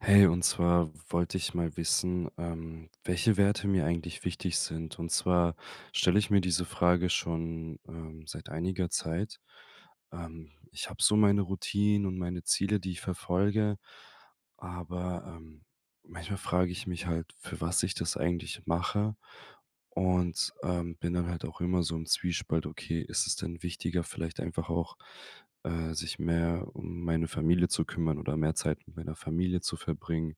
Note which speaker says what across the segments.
Speaker 1: Hey, und zwar wollte ich mal wissen, ähm, welche Werte mir eigentlich wichtig sind? Und zwar stelle ich mir diese Frage schon, ähm, seit einiger Zeit. Ähm, ich habe so meine Routinen und meine Ziele, die ich verfolge, aber ähm, manchmal frage ich mich halt, für was ich das eigentlich mache und, ähm, bin dann halt auch immer so im Zwiespalt: Okay, ist es denn wichtiger, vielleicht einfach auch, äh, sich mehr um meine Familie zu kümmern oder mehr Zeit mit meiner Familie zu verbringen,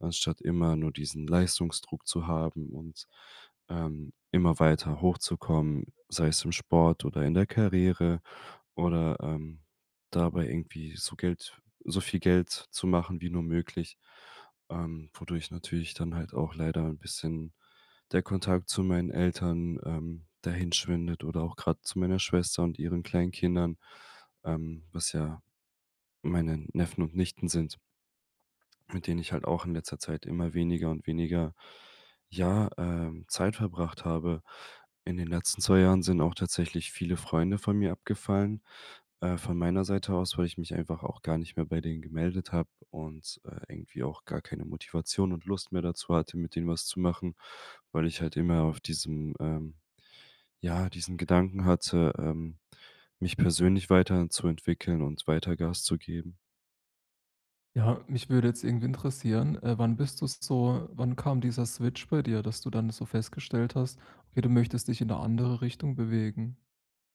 Speaker 1: anstatt immer nur diesen Leistungsdruck zu haben und, ähm, immer weiter hochzukommen, sei es im Sport oder in der Karriere. Oder, ähm, dabei irgendwie so Geld so viel Geld zu machen wie nur möglich, ähm, wodurch natürlich dann halt auch leider 'n bisschen der Kontakt zu meinen Eltern ähm, dahinschwindet oder auch gerade zu meiner Schwester und ihren kleinen Kindern, ähm, was ja meine Neffen und Nichten sind mit denen ich halt auch in letzter Zeit immer weniger und weniger, ja, ähm, Zeit verbracht habe. In den letzten 2 Jahren sind auch tatsächlich viele Freunde von mir abgefallen. Äh, von meiner Seite aus, weil ich mich einfach auch gar nicht mehr bei denen gemeldet habe und, äh, irgendwie auch gar keine Motivation und Lust mehr dazu hatte, mit denen was zu machen, weil ich halt immer auf diesem, ähm ja, diesen Gedanken hatte, ähm, mich persönlich weiterzuentwickeln und weiter Gas zu geben.
Speaker 2: Ja, mich würde jetzt irgendwie interessieren, äh, wann bist du so wann kam dieser Switch bei dir, dass du dann so festgestellt hast: Okay, du möchtest dich in 'ne andere Richtung bewegen?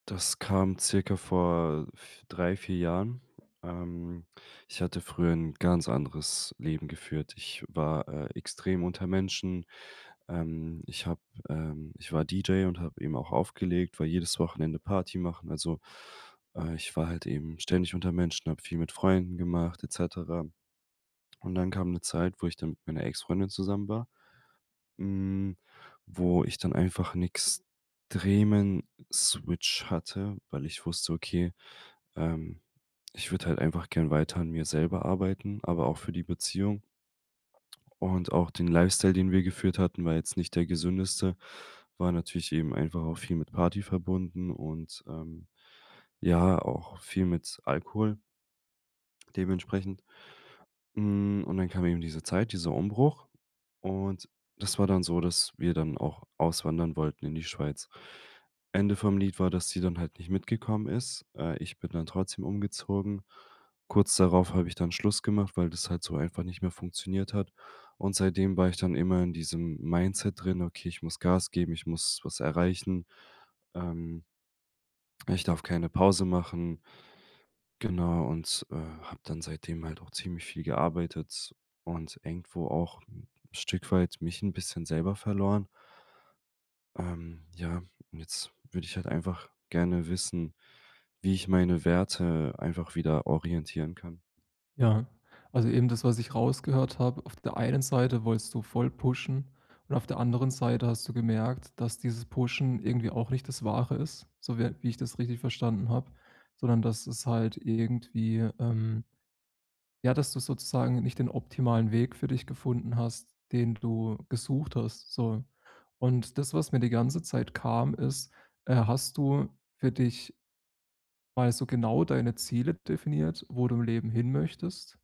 Speaker 1: Das kam circa vor f 3, 4 Jahren. Ähm, ich hatte früher 'n ganz anderes Leben geführt. Ich war, äh, extrem unter Menschen. Ähm, ich habe, ähm ich war DJ und habe eben auch aufgelegt, war jedes Wochenende Party machen. Also, äh, ich war halt eben ständig unter Menschen, habe viel mit Freunden gemacht, et cetera. Und dann kam 'ne Zeit, wo ich dann mit meiner Ex-Freundin zusammen war, hm, wo ich dann einfach 'n extremen Switch hatte, weil ich wusste: Okay, ähm, ich würde halt einfach gern weiter an mir selber arbeiten, aber auch für die Beziehung. Und auch den Lifestyle, den wir geführt hatten, war jetzt nicht der gesündeste, war natürlich eben einfach auch viel mit Party verbunden, und, ähm, ja, auch viel mit Alkohol dementsprechend. Hm, und dann kam eben diese Zeit, dieser Umbruch. Und das war dann so, dass wir dann auch auswandern wollten in die Schweiz. Ende vom Lied war, dass sie dann halt nicht mitgekommen ist. Äh, ich bin dann trotzdem umgezogen. Kurz darauf habe ich dann Schluss gemacht, weil das halt so einfach nicht mehr funktioniert hat. Und seitdem war ich dann immer in diesem Mindset drin: „Okay, ich muss Gas geben, ich muss was erreichen. Ähm“ „ich darf keine Pause machen.“ Genau, und, äh, habe dann seitdem halt auch ziemlich viel gearbeitet und irgendwo auch 'n Stück weit mich 'n bisschen selber verloren. Ähm, ja, jetzt würde ich halt einfach gerne wissen, wie ich meine Werte einfach wieder orientieren kann?
Speaker 2: Ja. Also, eben das, was ich rausgehört habe. Auf der einen Seite wolltest du voll pushen und auf der anderen Seite hast du gemerkt, dass dieses Pushen irgendwie auch nicht das Wahre ist, so wie, äh wie ich das richtig verstanden habe, sondern dass es halt irgendwie, ähm ja, dass du sozusagen nicht den optimalen Weg für dich gefunden hast, den du gesucht hast, so. Und das, was mir die ganze Zeit kam, ist äh, hast du für dich mal so genau deine Ziele definiert, wo du im Leben hin möchtest?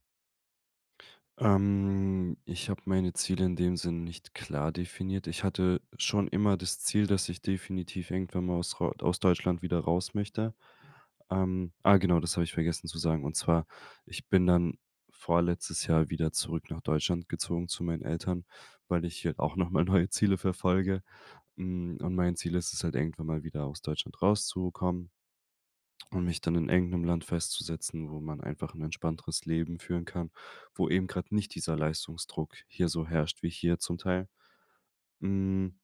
Speaker 1: Ähm, ich habe meine Ziele in dem Sinne nicht klar definiert. Ich hatte schon immer das Ziel, dass ich definitiv irgendwann mal aus ro aus Deutschland wieder raus möchte. Ähm, ah, genau, das habe ich vergessen zu sagen, und zwar, ich bin dann vorletztes Jahr wieder zurück nach Deutschland gezogen zu meinen Eltern, weil ich hier auch nochmal neue Ziele verfolge, hm, und mein Ziel ist es halt irgendwann mal wieder aus Deutschland rauszukommen und mich dann in irgendeinem Land festzusetzen, wo man einfach 'n entspannteres Leben führen kann, wo eben gerade nicht dieser Leistungsdruck hier so herrscht wie hier zum Teil. Hm,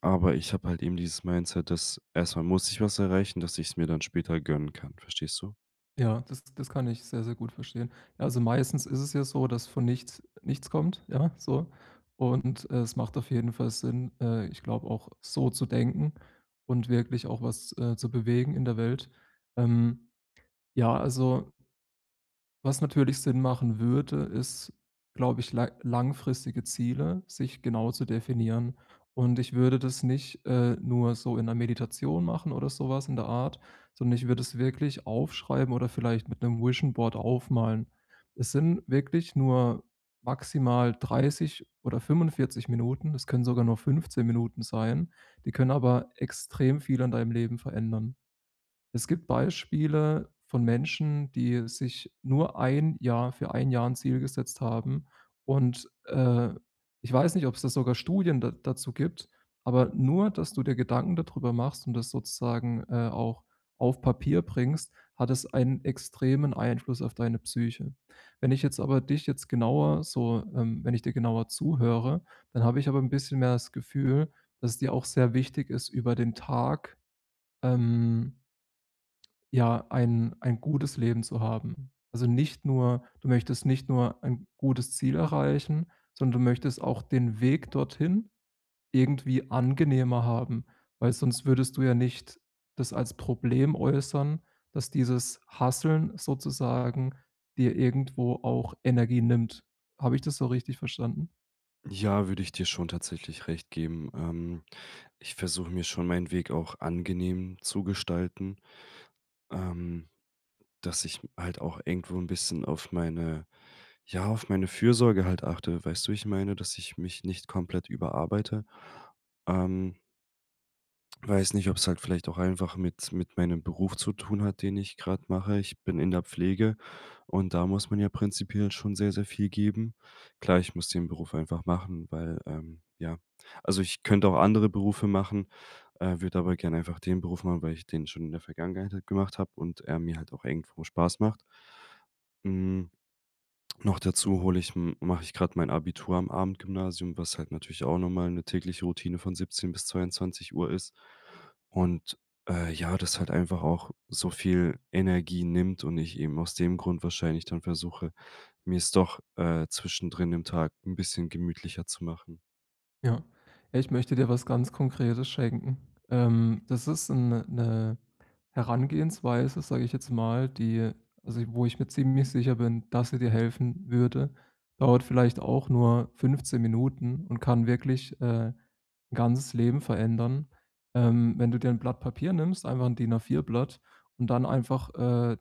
Speaker 1: aber ich habe halt eben dieses Mindset, dass erstmal muss ich was erreichen, dass ich‘s mir dann später gönnen kann, verstehst du?
Speaker 2: Ja, das das kann ich sehr, sehr gut verstehen. Also, meistens ist es ja so, dass von nichts nichts kommt, ja, so. Und, es macht auf jeden Fall Sinn, äh, ich glaube auch so zu denken und wirklich auch was, äh, zu bewegen in der Welt. Ähm, ja, also was natürlich Sinn machen würde, ist, glaube ich, la langfristige Ziele, sich genau zu definieren. Und, ich würde das nicht, äh, nur so in 'ner Meditation machen oder sowas in der Art, sondern ich würde es wirklich aufschreiben oder vielleicht mit 'nem Vision Board aufmalen. Es sind wirklich nur maximal 30 oder 45 Minuten, das können sogar nur 15 Minuten sein, die können aber extrem viel an deinem Leben verändern. Es gibt Beispiele von Menschen, die sich nur 1 Jahr für 1 Jahr 'n Ziel gesetzt haben und, äh, ich weiß nicht, ob's da sogar Studien da dazu gibt, aber nur, dass du dir Gedanken dadrüber machst und das sozusagen, äh, auch auf Papier bringst, hat es einen extremen Einfluss auf deine Psyche. Wenn ich jetzt aber dich jetzt genauer so, ähm wenn ich dir genauer zuhöre, dann habe ich aber ‘n bisschen mehr das Gefühl, dass es dir auch sehr wichtig ist, über den Tag, ähm ja, ein ein gutes Leben zu haben. Also, nicht nur du möchtest nicht nur ein gutes Ziel erreichen, sondern du möchtest auch den Weg dorthin irgendwie angenehmer haben, weil sonst würdest du ja nicht das als Problem äußern, dass dieses hustlen sozusagen dir irgendwo auch Energie nimmt. Habe ich das so richtig verstanden?
Speaker 1: Ja, würde ich dir schon tatsächlich recht geben. Ähm, ich versuche mir schon meinen Weg auch angenehm zu gestalten. Ähm, dass ich halt auch irgendwo 'n bisschen auf meine ja, auf meine Fürsorge halt achte. Weißt du, wie ich meine, dass ich mich nicht komplett überarbeite? Ähm weiß nicht, ob es halt vielleicht auch einfach mit mit meinem Beruf zu tun hat, den ich gerade mache. Ich bin in der Pflege, und da muss man ja prinzipiell schon sehr, sehr viel geben. Klar, ich muss den Beruf einfach machen, weil, ähm ja, also, ich könnte auch andere Berufe machen, äh, würde aber gerne einfach den Beruf machen, weil ich den schon in der Vergangenheit halt gemacht habe und er mir halt auch irgendwo Spaß macht. Hm. Noch dazu hole ich m mache ich gerade mein Abitur am Abendgymnasium, was halt natürlich auch nochmal 'ne tägliche Routine von 17:00 bis 22:00 ist. Und, äh, ja, das halt einfach auch so viel Energie nimmt und ich eben aus dem Grund wahrscheinlich dann versuche, mir es doch, äh, zwischendrin im Tag 'n bisschen gemütlicher zu machen.
Speaker 2: Ja. Ja, ich möchte dir was ganz Konkretes schenken, ähm, das ist ‘n ‘ne ‘ne Herangehensweise, sage ich jetzt mal, die also, wo ich mir ziemlich sicher bin, dass sie dir helfen würde, dauert vielleicht auch nur 15 Minuten und kann wirklich, äh, ‘n ganzes Leben verändern. Ähm, wenn du dir ‘n Blatt Papier nimmst, einfach ‘n DIN-A4-Blatt und dann einfach, äh,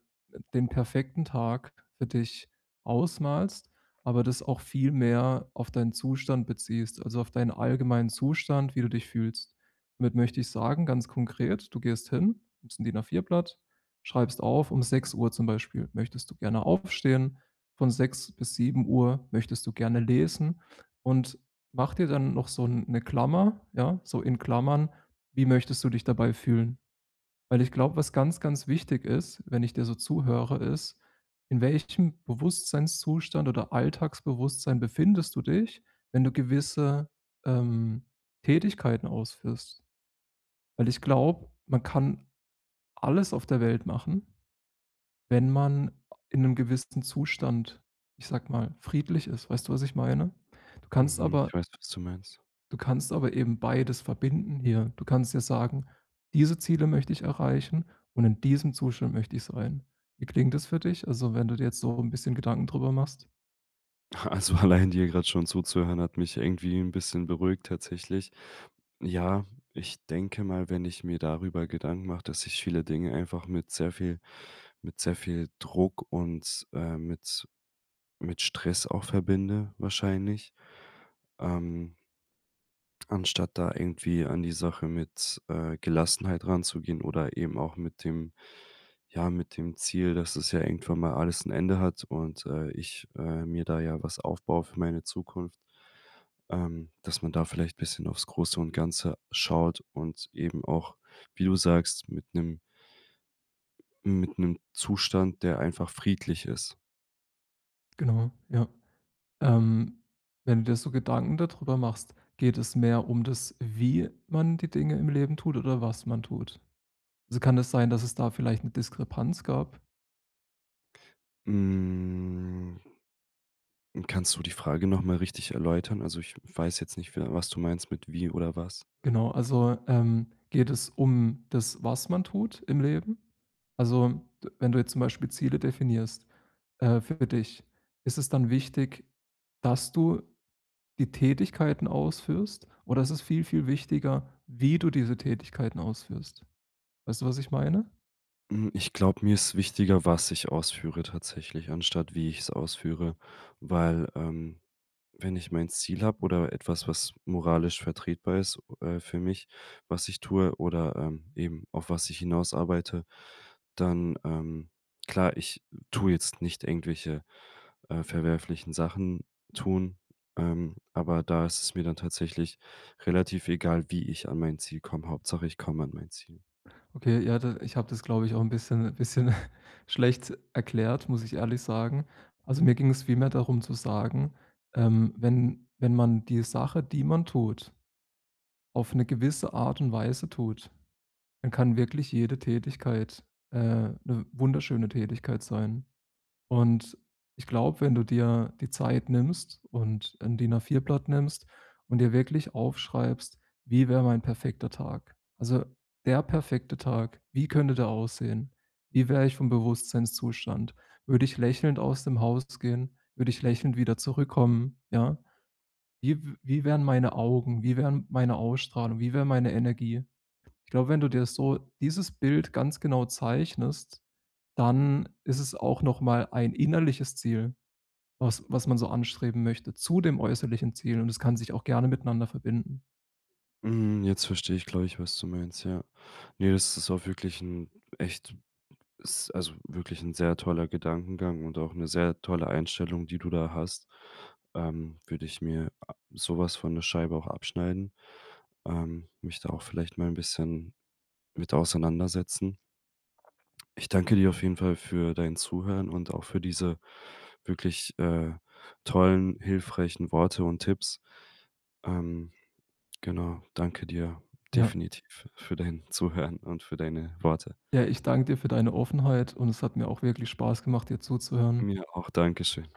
Speaker 2: den perfekten Tag für dich ausmalst, aber das auch viel mehr auf deinen Zustand beziehst, also auf deinen allgemeinen Zustand, wie du dich fühlst. Damit möchte ich sagen, ganz konkret, du gehst hin, nimmst ‘n DIN-A4-Blatt, schreibst auf, um 6:00 zum Beispiel möchtest du gerne aufstehen, von 6:00 bis 7:00 möchtest du gerne lesen. Und mach dir dann noch so ‘ne Klammer ja, so in Klammern: Wie möchtest du dich dabei fühlen? Weil, ich glaube, was ganz, ganz wichtig ist, wenn ich dir so zuhöre, ist, in welchem Bewusstseinszustand oder Alltagsbewusstsein befindest du dich, wenn du gewisse, ähm, Tätigkeiten ausführst? Weil ich glaube, man kann alles auf der Welt machen, wenn man a in ‘nem gewissen Zustand, ich sage mal, friedlich ist, weißt du, was ich meine? Du kannst
Speaker 1: Mhm,
Speaker 2: aber
Speaker 1: ich weiß, was du meinst.
Speaker 2: Du kannst aber eben beides verbinden hier. Du kannst ja sagen: „Diese Ziele möchte ich erreichen und in diesem Zustand möchte ich sein.“ Wie klingt das für dich? Also, wenn du dir jetzt so 'n bisschen Gedanken drüber machst.
Speaker 1: Also, allein dir gerade schon zuzuhören, hat mich irgendwie 'n bisschen beruhigt tatsächlich. Ja, ich denke mal, wenn ich mir darüber Gedanken mache, dass ich viele Dinge einfach mit sehr viel mit sehr viel Druck und, äh, mit mit Stress auch verbinde, wahrscheinlich, ähm anstatt da irgendwie an die Sache mit, äh, Gelassenheit ranzugehen oder eben auch mit dem ja, mit dem Ziel, dass das ja irgendwann mal alles 'n Ende hat und, äh, ich, äh, mir da ja was aufbaue für meine Zukunft. Ähm, dass man da vielleicht bisschen aufs Große und Ganze schaut und eben auch, wie du sagst, mit 'nem mit 'nem Zustand, der einfach friedlich ist.
Speaker 2: Genau, ja. Ähm, wenn du dir so Gedanken da drüber machst, geht es mehr um das, wie man die Dinge im Leben tut oder was man tut? Also, kann es sein, dass es da vielleicht 'ne Diskrepanz gab?
Speaker 1: Hm. Kannst du die Frage noch mal richtig erläutern? Also, ich weiß jetzt nicht, wie was du meinst mit wie oder was.
Speaker 2: Genau. Also, ähm, geht es um das, was man tut im Leben? Also, wenn du jetzt zum Beispiel Ziele definierst, äh, für dich, ist es dann wichtig, dass du die Tätigkeiten ausführst? Oder ist es viel, viel wichtiger, wie du diese Tätigkeiten ausführst? Weißt du, was ich meine?
Speaker 1: Hm. Ich glaube, mir ist wichtiger, was ich ausführe tatsächlich, anstatt wie ich es ausführe, weil, ähm, wenn ich mein Ziel habe oder etwas, was moralisch vertretbar ist, äh, für mich, was ich tue oder, ähm, eben auf was ich hinaus arbeite, dann ähm, klar, ich tue jetzt nicht irgendwelche, äh, verwerflichen Sachen tun, ähm, aber da ist es mir dann tatsächlich relativ egal, wie ich an mein Ziel komme. Hauptsache, ich komme an mein Ziel.
Speaker 2: Okay, ja da ich habe das, glaube ich, auch 'n bisschen bisschen schlecht erklärt, muss ich ehrlich sagen. Also, mir ging es vielmehr darum zu sagen, ähm, wenn wenn man die Sache, die man tut, auf 'ne gewisse Art und Weise tut, dann kann wirklich jede Tätigkeit, äh, 'ne wunderschöne Tätigkeit sein. Und ich glaube, wenn du dir die Zeit nimmst und 'n DIN-A4-Blatt nimmst und dir wirklich aufschreibst: „Wie wäre mein perfekter Tag?” Also, der perfekte Tag, wie könnte der aussehen? Wie wäre ich vom Bewusstseinszustand? Würde ich lächelnd aus dem Haus gehen? Würde ich lächelnd wieder zurückkommen, ja? Wie w wie wären meine Augen? Wie wäre meine Ausstrahlung? Wie wäre meine Energie? Ich glaube, wenn du dir das so dieses Bild ganz genau zeichnest, dann ist es auch noch mal ein innerliches Ziel, was was man so anstreben möchte, zu dem äußerlichen Ziel. Und es kann sich auch gerne miteinander verbinden.
Speaker 1: Mhm, jetzt verstehe ich, glaube ich, was du meinst, ja. Ne, das ist auch wirklich 'n echt s also wirklich 'n sehr toller Gedankengang und auch 'ne sehr tolle Einstellung, die du da hast. Ähm, würde ich mir a sowas von 'ne Scheibe auch abschneiden, ähm, mich da auch vielleicht mal 'n bisschen mit auseinandersetzen. Ich danke dir auf jeden Fall für dein Zuhören und auch für diese wirklich, äh, tollen, hilfreichen Worte und Tipps. Ähm, genau, danke dir,
Speaker 2: Ja.
Speaker 1: definitiv für dein Zuhören und für deine Worte.
Speaker 2: Ja, ich danke dir für deine Offenheit. Und es hat mir auch wirklich Spaß gemacht, dir zuzuhören.
Speaker 1: Mir auch. Danke schön.